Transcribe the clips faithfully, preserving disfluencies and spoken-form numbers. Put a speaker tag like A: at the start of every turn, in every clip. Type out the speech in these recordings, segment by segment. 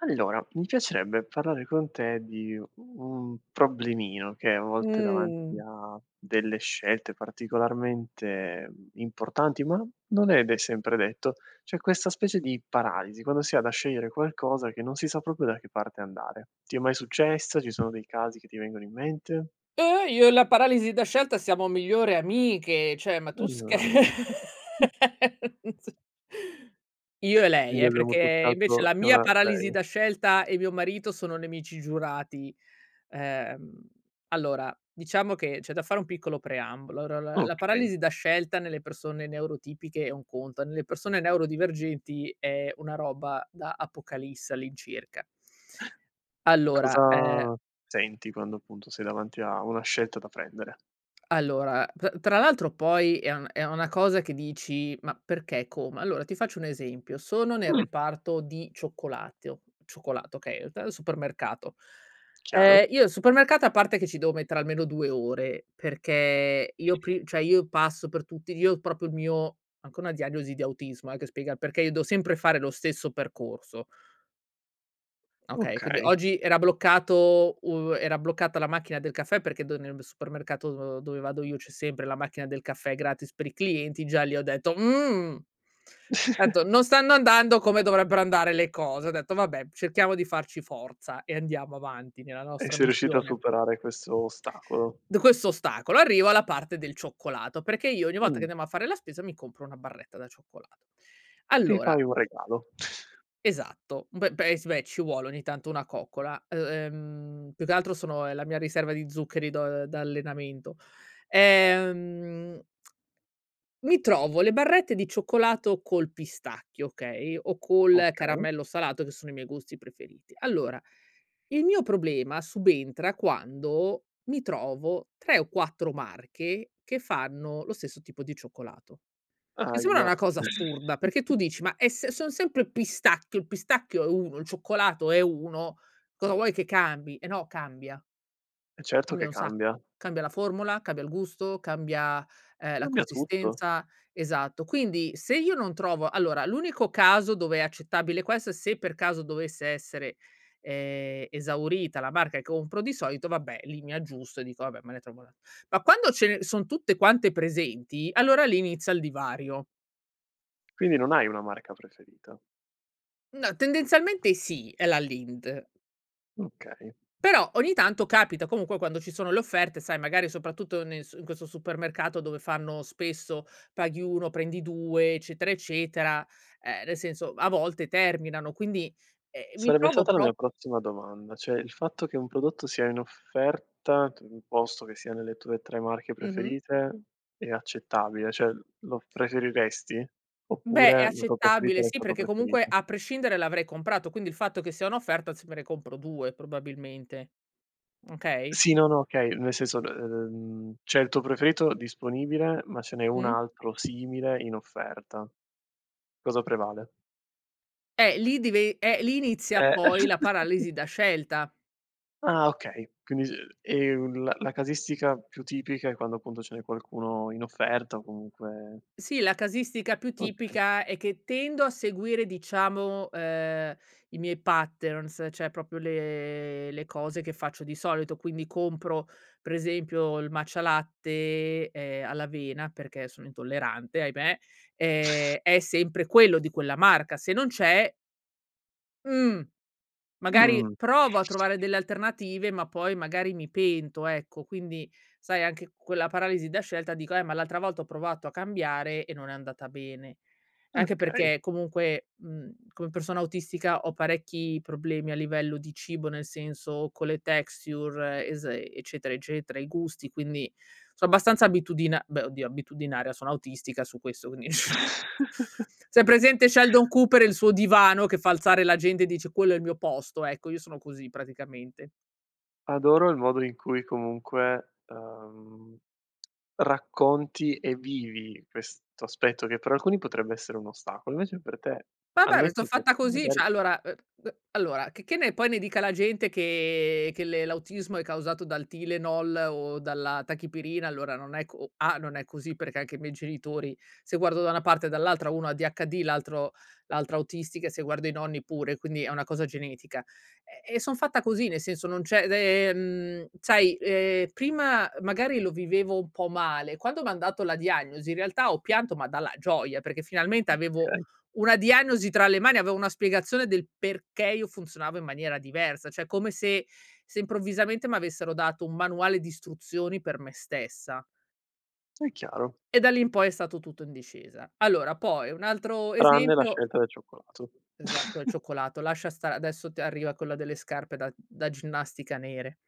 A: Allora, mi piacerebbe parlare con te di un problemino, che è a volte davanti
B: Mhmm.
A: a delle scelte, particolarmente, uhm, importanti, ma non è de sempre detto, c'è questa specie di paralisi, quando si ha da scegliere qualcosa che non si sa proprio da che parte andare. Ti è mai successa? Ci sono dei casi che ti vengono in mente?
B: Ehm, oh io e la paralisi da scelta siamo migliori amiche. Cioè ma tu scherzi.
A: [unintelligible]
B: Io e lei
A: Quindi
B: eh,
A: abbiamo
B: perché invece
A: toccato
B: la
A: che
B: mia
A: una
B: paralisi
A: vei
B: da scelta e mio marito sono nemici giurati. Ehm, allora diciamo che c'è da fare un piccolo preambolo. Ora la la
A: Okay.
B: paralisi da scelta nelle persone neurotipiche è un conto, nelle persone neurodivergenti è una roba da apocalisse all'incirca. Allora, ehm
A: Cosa senti, quando appunto sei davanti a una scelta da prendere?
B: Allora p tra l'altro poi è un è una cosa che dici: "Ma, perché, come?" Allora ti faccio un esempio: sono nel
A: Mh.
B: reparto di cioccolatteo cioccolato okay, eta al supermercato. Ehm,
A: Chiaro.
B: io al supermercato a parte che ci devo mettere almeno due ore perché io pri cioè io passo per tutti io proprio il mio anche una diagnosi di autismo eh, che spiega perché io devo sempre fare lo stesso percorso. Okay, quindi
A: Okay.
B: oggi era bloccato uhm, era bloccata la macchina del caffè perché do nel b supermercato, uhm, dove vado io c'è sempre la macchina del caffè gratis per i clienti, e già li ho detto: "Mhmm". Ho etto: "Non stanno andando come dovrebbero andare le cose". Ho detto: "Vabbè cerchiamo di farci forza e andiamo avanti nella
A: E
B: nostra
A: sei riuscito a
B: missione".
A: superare questo ostacolo?
B: D questo ostacolo, arrivo alla parte del cioccolato, perché io ogni volta che
A: Mh.
B: andiamo a fare la spesa mi compro una barretta da cioccolato.
A: Ti
B: Allora
A: fai un regalo.
B: Esatto. Beh beh sì beh, ci vuole ogni tanto una coccola. E ehm, più che altro sono è la mia riserva di zuccheri do uhm, da allenamento. Ehm, mi trovo le barrette di cioccolato col pistacchio, okay, o col
A: Okay.
B: caramello salato che sono i miei gusti preferiti. Allora il mio problema subentra quando mi trovo tre o quattro marche che fanno lo stesso tipo di cioccolato. E sema
A: Ahia.
B: una cosa assurda perché tu dici: "Ma e se son sempre il pistacchio il pistacchio è uno il cioccolato è uno cosa vuoi che, cambi", eh, no, cambia
A: E certo che
B: cambia un sacco.
A: cambia.
B: Cambia la formula, cambia il gusto, cambia, ehm, la
A: Cambia tutto.
B: consistenza esatto. Quindi se io non trovo allora l'unico caso dove è accettabile, questo se per caso dovesse essere, ehm, esaurita la marca che compro di solito, vabbè lì mi aggiusto e dico: "Vabbè me ne trovo un'a" Ma quando ce son tutte quante presenti, allora lì inizia il divario.
A: Quindi non hai una marca preferita.
B: No tendenzialmente sì, è la Lindt
A: Okay.
B: Però ogni tanto capita comunque quando ci sono le offerte, sai, magari soprattutto nel s in questo supermercato dove fanno spesso, paghi uno prendi due eccetera, eccetera, ehm, nel senso a volte terminano. Quindi ehm, mi
A: Sarebbe
B: trovo
A: stata la
B: pro
A: mia prossima domanda, cioè il fatto che un prodotto sia in offerta t uhm, posto che sia nelle tue tre marche
B: Mh-mh.
A: preferite è accettabile? Cioè lo preferiresti,
B: Beh, è
A: oppure la tua preferita
B: accettabile. Sì,
A: resta tua
B: perché comunque
A: preferita?
B: a prescindere l'avrei comprato, quindi il fatto che sia un'offerta, sì, me ne compro due probabilmente. Okay?
A: Sì, no, no okay. Nel senso ehm, c'è il tuo preferito disponibile ma ce n'è un
B: Mh.
A: altro simile in offerta. Cosa prevale?
B: Eh, lì dive eh, lì inizia,
A: Eh.
B: poi, la paralisi da scelta.
A: Ah, okay. Quindi s ehm, la la casistica più tipica è, quando, appunto, ce n'è qualcuno in offerta, o comunque
B: Sì, la casistica più
A: Okay.
B: tipica, è che tendo a seguire, diciamo, ehm, i miei patterns, cioè, propio le le cose che faccio di solito. Quindi, compro, pre esempio, il Matcha Latte, ehm, all'avena, perché sono intollerante, ahimè, ehm, è sempre quello, di quella marca. Se non c'è mh, magari,
A: Mh.
B: provo a trovare delle alternative, ma, poi, magari, mi pento, ecco. Quindi, sai, anche quella paralisi da scelta, dico: "Eh, ma l'altra volta ho provato a cambiare, e non è andata bene." Anche
A: Okay.
B: perché, comunque, mhmm, come persona autistica, ho parecchi problemi a livello di cibo, nel senso con le texture, es eccetera, eccetera, i gusti, quindi, so' abbastanza abitudina beh, oddio, abitudinaria, sono autistica su questo, quindi se hai presente, Sheldon Cooper e il suo divano, che fa alzare la gente e dice: "Quello è il mio posto", ecco, io sono così, praticamente.
A: Adoro il modo in cui, comunque, ehm, racconti, e vivi, questo aspetto, che, per alcuni, potrebbe essere un ostacolo, invece per te, al
B: Vabbè, ma so'
A: netto che,
B: fatta così!
A: magari
B: Cioè, allora, ehm, ehm, allora, che che ne poi, ne dica la gente, che che le l'autismo è causato dal Tylenol, o dalla Tachipirina, allora, non è co A non è così, perché, anche i miei genitori, se guardo da una parte, e dall'altra, uno ADHD, l'altro l'altra autistica, e se guardo i nonni, pure, quindi, è una cosa genetica. E e son fatta così, nel senso, non c'è d ehm, sai, ehm, prima, magari, lo vivevo un po' male; quando m'han dato la diagnosi, in realtà, ho pianto, ma dalla gioia, perché, finalmente, avevo
A: Okay.
B: una diagnosi tra le mani, avevo una spiegazione, del perché io funzionavo in maniera diversa. Cioè, come se se, improvvisamente, m'avessero dato un manuale di istruzioni, per me stessa
A: È chiaro.
B: e da lì in poi, è stato tutto in discesa. Allora, poi, un altro
A: Tranne la
B: esempio
A: scelta del cioccolato.
B: Esa quel cioccolato. Lascia stare, adesso t arriva quella delle scarpe da da ginnastica, nere.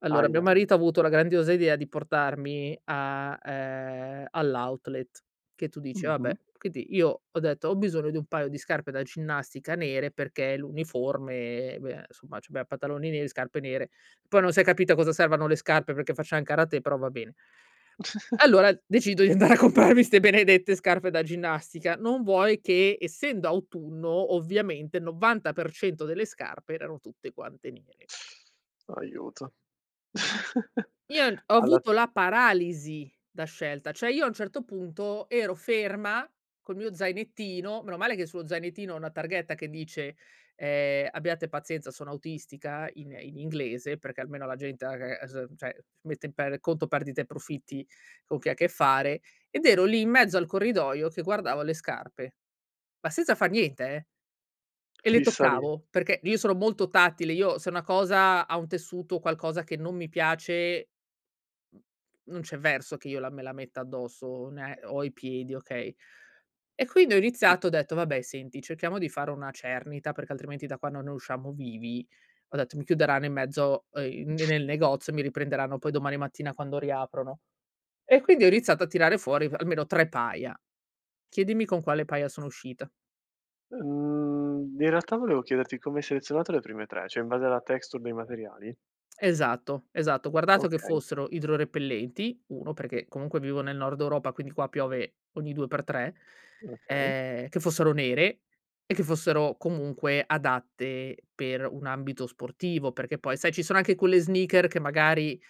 B: Allora,
A: Ahia,
B: mio
A: ahia.
B: marito ha avuto la grandiosa idea di portarmi a ehm, all'outlet, che tu dici: "Vabbè."
A: Mh-mh.
B: Quindi, io ho detto: "Ho bisogno di un paio di scarpe da ginnastica nere." Perché l'uniforme, beh, nsumma, c'abbiam pantaloni neri, scarpe nere. Poi, non s'è capito a cosa servano le scarpe, perché facciam karate, però va bene allora, decido di andare a comprarmi 'ste benedette scarpe da ginnastica. Non vuoi che, essendo autunno, ovviamente, il novanta per cento delle scarpe, erano tutte quante nere.
A: Aiuto.
B: Io n ho
A: Alla
B: avuto la paralisi da scelta. ceh, io, a un certo punto, ero ferma, col mio zainettino, meno male che sullo zainettino ho una targhetta che dice, ehm: "Abbiate pazienza, sono autistica" in in inglese, perché, almeno, la gente, aga ese ehm, ceh, mette in per conto perdite e profitti, con chi ha a che fare. Ed ero lì, in mezzo al corridoio, che guardavo le scarpe, ma senza far niente, eh, e le
A: Fissa lì.
B: toccavo, perché, io sono molto tattile. Io, se una cosa ha un tessuto, o qualcosa che non mi piace, mhmm, non c'è verso, che io la me la metta addosso, o ne o ai piedi, okay? E, quindi, ho
A: ì.
B: iniziato, ho detto: "Vabbè, senti, cerchiamo di fare una cernita, perché, altrimenti, da qua non ne usciamo vivi." Ho detto: "Mi chiuderanno in mezzo" ehm, "n nel negozio, e mi riprenderanno, poi, domani mattina, quando riaprono." E, quindi, ho iniziato a tirare fuori f almeno tre paia. Chiedimi con quale paia sono uscita.
A: Mhmm, in realtà, volevo chiederti, come hai selezionato le prime tre, ceh, in base alla texture dei materiali?
B: Esatto, esatto. Ho guardato che
A: Okay.
B: fossero idrorepellenti: uno, perché, comunque, vivo nel Nord Europa, quindi qua piove ogni due per tre;
A: Okay.
B: ehm, che fossero nere e che fossero, comunque, adatte per un ambito sportivo, perché, poi, sai, ci sono anche quelle sneakers che, magari,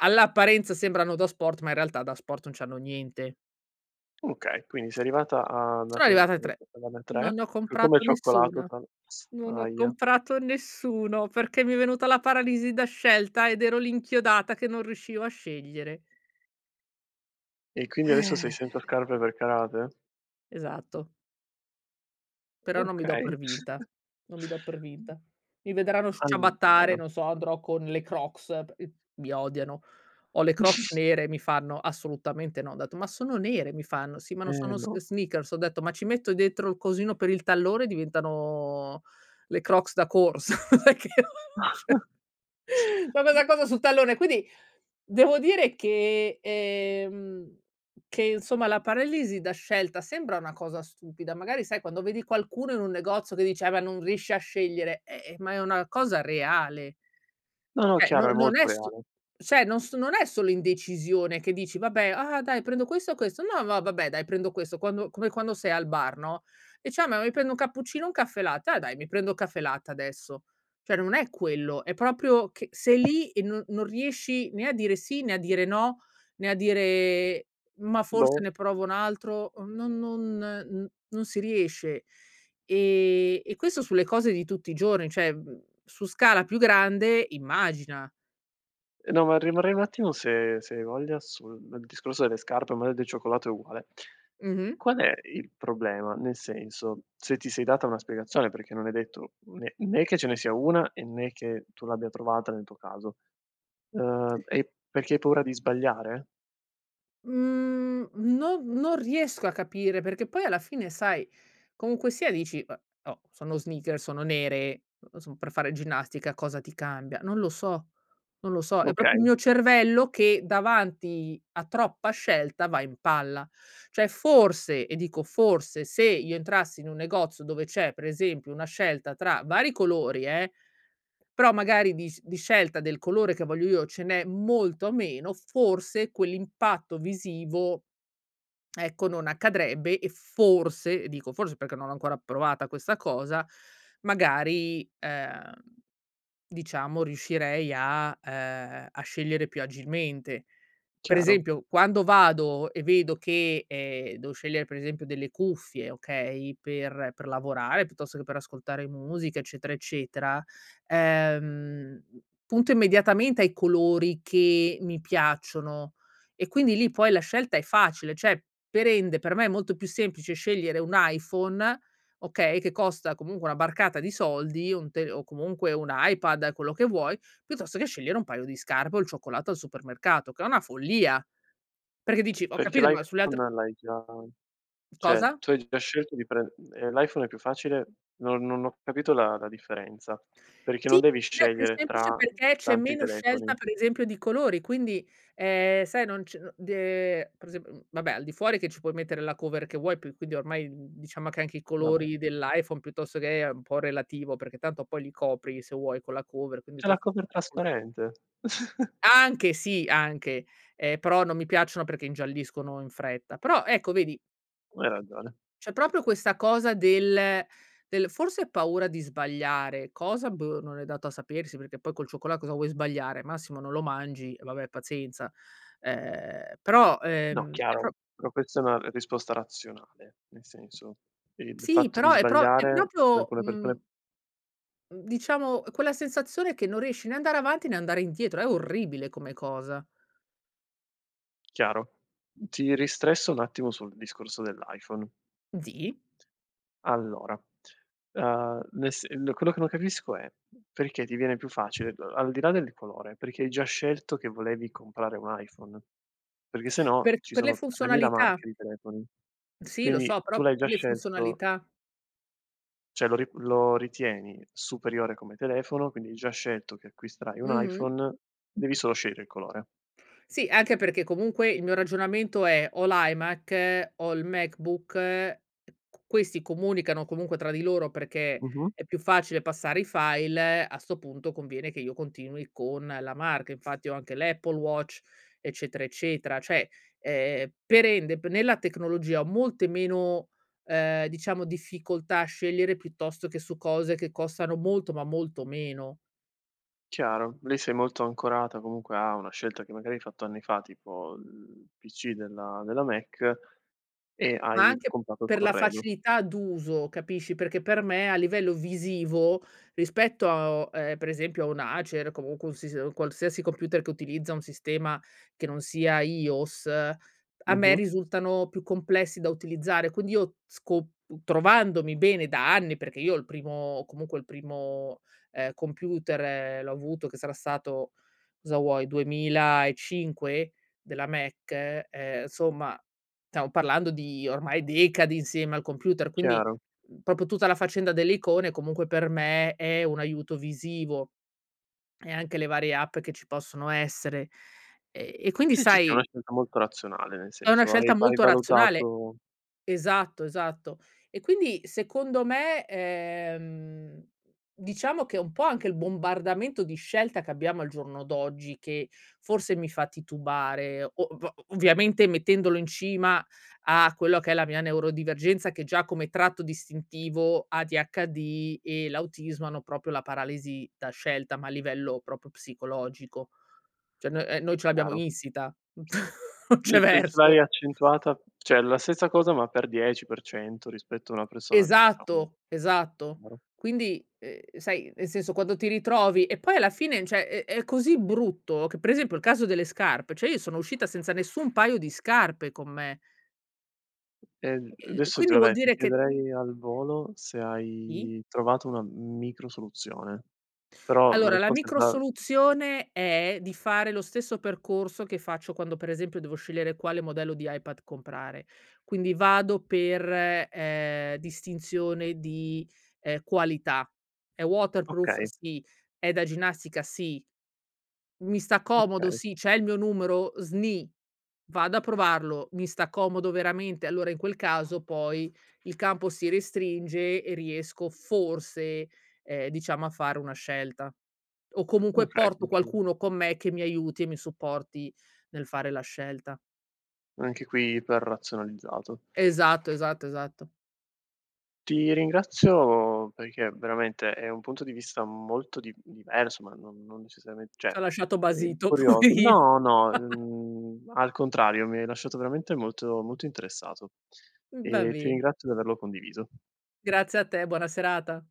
B: all'apparenza sembrano da sport, ma, in realtà, da sport non c'hanno niente.
A: Okay, quindi, sei arrivata a 'na
B: Sono
A: co
B: arrivata a tre.
A: [unintelligible] tre,
B: Non ne ho
A: c come
B: comprato
A: cioccolato
B: nessuna.
A: tan
B: Non ne ho
A: ahia.
B: comprato nessuno, perché mi è venuta la paralisi da scelta, ed ero lì, inchiodata, che non riuscivo a scegliere.
A: E quindi, adesso, sei senza scarpe per karate?
B: Esatto. Però non mi do
A: Okay.
B: per vinta. Non mi do per vinta. Mi vedranno
A: Ah
B: sciabattare,
A: [unintelligible]
B: non so, andrò con le crocs, p ep mi odiano. Ho le crocs nere e mi fanno: "Assolutamente no". Ho detto: "Ma sono nere", mi fanno: "Sì, ma non
A: Eh,
B: sono sn
A: no.
B: sneakers". Ho detto: "Ma ci metto dettro il cosino per il tallone e diventano le crocs da corsa". Perché non c'è [unintelligible] cosa sul tallone, quindi devo dire che, ehm che insomma, la paralisi da scelta sembra una cosa stupida. Magari sai quando vedi qualcuno in un negozio che dice: "Ah beh non riesci a scegliere!", eh eh ma è una cosa reale.
A: No, no,
B: ceh
A: chiaro, è
B: non non
A: molto
B: è su
A: reale.
B: ceh non so non è solo indecisione che dici: "Vabbè, ah dai, prendo questo o questo?", "No no, ma vabbè, dai, prendo questo". Quando come quando sei al bar, no, dice: "Ah, ma mi prendo un cappuccino o un caffè latte? Ah, dai, mi prendo un caffè latte, adesso". ceh non è quello. È proprio che sei lì e no non riesci né a dire sì, né a dire no, né a dire: "Ma forse
A: Boh.
B: ne provo un altro". Uhm, non non, uhm, non si riesce ehm e questo sulle cose di tutti i giorni, cioè, uhm, su scala più grande, immagina.
A: Eh, no, ma rimarrei un attimo se se hai voglia sul discorso delle scarpe, o maari del cioccolato è uguale.
B: Mh-mh.
A: Qual è il problema? Nel senso, se ti sei data una spiegazione, perché non è detto né né che ce ne sia una e né che tu l'abbia trovata nel tuo caso. Uhm, è perché hai paura di sbagliare?
B: Mhmm, non non riesco a capire perché, poi, alla fine, sai, comunque sia, dici: "Eh, oh, sono sneakers, sono nere, son per fare ginnastica. Cosa ti cambia?", non lo so, non lo so. È propio il
A: Okay.
B: mio cervello che, davanti a troppa scelta, va in palla ceh, forse, e dico forse, se io entrassi in un negozio dove c'è, per esempio, una scelta tra vari colori, eh, però magari, di s di scelta del colore che voglio io, ce n'è molto meno, forse, quell'impatto visivo, ecco, non accadrebbe e forse e dico forse, perché non ho ancora provata questa cosa, magari, ehm, diciamo riuscirei a ehm, a scegliere più agilmente. Per
A: Chiaro.
B: esempio, quando vado e vedo che, ehm, devo scegliere, per esempio, delle cuffie, okay, per per lavorare piuttosto che per ascoltare musica, eccetera, eccetera, ehm, punto immediatamente ai colori che mi piacciono e quindi lì, poi la scelta è facile. ceh, per ende, per me, è molto più semplice scegliere un iPhone, okay, che costa comunque una barcata di soldi, o un te o comunque un iPad, quello che vuoi, piuttosto che scegliere un paio di scarpe o il cioccolato al supermercato, che è una follia, perché dici: "Ho
A: Perché
B: capito, ma sulle altre"
A: l'iPhone l'hai già ceh
B: Cosa?
A: tu hai già scelto di prend ehm, l'iPhone è più facile? No non ho capito la la differenza. Perché
B: Sì,
A: non devi
B: è più
A: scegliere
B: semplice
A: tra
B: perché c'è
A: tanti
B: meno scelta,
A: telefoni?
B: per esempio di colori. Quindi, ehm, sai non c d ehm, per esemp mhmm, vabbè, al di fuori, ci puoi mettere la cover che vuoi più quindi ormai, mhmm, diciamo che anche i
A: Va
B: colori
A: beh.
B: dell'iPhone, piuttosto che è un po' relativo, perché tanto poi li copri se vuoi con la cover quindi
A: C'è la cover
B: [unintelligible]
A: trasparente!
B: Anche sì, anche, ehm, però non mi piacciono perché ingialliscono in fretta, però ecco, vedi
A: Hai ragione.
B: c'è propio questa cosa del del forse è paura di sbagliare, cosa boh non è dato a sapersi, perché poi col cioccola cosa vuoi sbagliare? Massimo non lo mangi, vabbè, pazienza, ehm, però,
A: No,
B: ehm, è
A: chiaro,
B: pro
A: però questa è una risposta razionale, nel senso, che il
B: Sì,
A: fatto di
B: però è pro è
A: sbagliare per
B: propio,
A: alcune persone
B: mhmm uhm, diciamo, quella sensazione che non riesci né a andare avanti, né a andare indietro è orribile, come cosa.
A: Chiaro. Ti ristresso un attimo sul discorso dell'iPhone.
B: Zi?
A: Allora, uhm, nel se uhm, n quello che non capisco è, perché ti viene più facile, al di là del colore, perché hai già scelto che volevi comprare un iPhone? Perché se no,
B: Per
A: ci
B: per le
A: sono tremila
B: funzionalità.
A: marche di telefoni,
B: Sì, lo
A: quindi
B: so, però
A: tu l'hai già
B: per le
A: scelto
B: funzionalità.
A: ceh, lo ri lo ritieni superiore come telefono, quindi hai già scelto che acquisterai un
B: Mh-mh.
A: iPhone. Devi solo scegliere il colore.
B: Sì, anche perché comunque il mio ragionamento è: ho l'iMac, ho il MacBook. C questi comunicano comunque tra di loro, perché
A: Mh-mh.
B: è più facile passare i file, a 'sto punto conviene che io continui con la marca, infatti ho anche l'Apple Watch, eccetera, eccetera. ceh, ehm, per ende b nella tecnologia ho molte meno, ehm, diciamo, difficoltà a scegliere piuttosto che su cose che costano molto, ma molto meno.
A: Chiaro, lì sei molto ancorata, comunque, a una scelta che magari hai fatto anni fa, tipo il PC della della Mac, e
B: Ma
A: hai
B: anche
A: comprato il
B: per la
A: corredo.
B: facilità d'uso, capisci perché, per me, a livello visivo, rispetto, a o ehm, per esempio, a un Acer comunque un sis un qualsiasi computer che utilizza un sistema che non sia iOS, a me
A: Mh-mh.
B: risultano più complessi da utilizzare quindi io sco p trovandomi bene da anni, perché io, il primo o comunque, il primo, ehm, computer, l'ho avuto che sarà stato cosa vuoi, duemilaecinque della Mac, ehm, somma, tamo parlando di ormai decadi insieme al computer, quindi,
A: Chiaro.
B: uhm, popio tutta la faccenda delle icone e, comunque, per me, è un aiuto visivo e anche le varie app che ci possono essere ehm, e quindi
A: Sì, sì, è una
B: sai
A: scelta molto razionale, nel
B: è una
A: senso hai
B: scelta
A: hai
B: molto razionale
A: valutato
B: Esatto, esatto. E quindi, secondo me, ehm, diciamo che è un po' anche il bombardamento di scelta che abbiamo al giorno d'oggi che, forse mi fa titubare. O o ovviamente mettendolo in cima a quello che è la mia neurodivergenza, che già, come tratto distintivo, ADHD e l'autismo, hanno propio la paralisi da scelta, ma a livello propio psicologico. ceh no ehm, noi ce l'abbiamo
A: Chiaro.
B: insita, non
A: L
B: c'è
A: c ce l'hai
B: verso!
A: accentuata ceh la stessa cosa, ma per dieci, per cento, rispetto a una persona diciamo
B: Esatto, esatto,
A: [unintelligible]
B: quindi, ehm, sai, nel senso, quando ti ritrovi e poi, alla fine, ceh, è è è così brutto, che per esempio, il caso delle scarpe, ceh io sono uscita senza nessun paio di scarpe con me.
A: Ehm, l
B: Eh e
A: adesso
B: quindi vuol
A: [unintelligible] ti
B: dire che
A: chiederei al volo se
B: I?
A: hai trovato una, mhmm, micro soluzione, però la
B: Allora, la
A: risposta è
B: micro
A: già
B: soluzione è di fare lo stesso percorso che faccio quando, per esempio, devo scegliere quale modello di iPad comprare. Quindi vado per ehm, distinzione di, ehm, qualità, è waterproof?
A: Okay.
B: Sì, è da ginnastica? Sì. Mi sta comodo?
A: Okay.
B: Si. C'è il mio numero? Sni. Vado a provarlo. Mi sta comodo veramente? Allora, in quel caso, poi il campo si restringe e riesco, forse, ehm, diciamo, a fare una scelta o comunque
A: Okay, sì,
B: porto
A: sì.
B: qualcuno con me che mi aiuti e mi supporti nel fare la scelta.
A: Anche qui iperrazionalizzato.
B: Esatto. Esatto. Esatto.
A: Ti ringrazio, perché veramente è un punto di vista molto di diverso, ma non non necessariament
B: Ti
A: ceh,
B: ho lasciato
A: è
B: basito.
A: curioso
B: Poverino.
A: no, no. Mhmm, al contrario, mi hai lasciato veramente molto, molto interessato
B: Uhm, va
A: e ti
B: bene.
A: ringrazio di averlo condiviso.
B: Grazie a te, buona serata.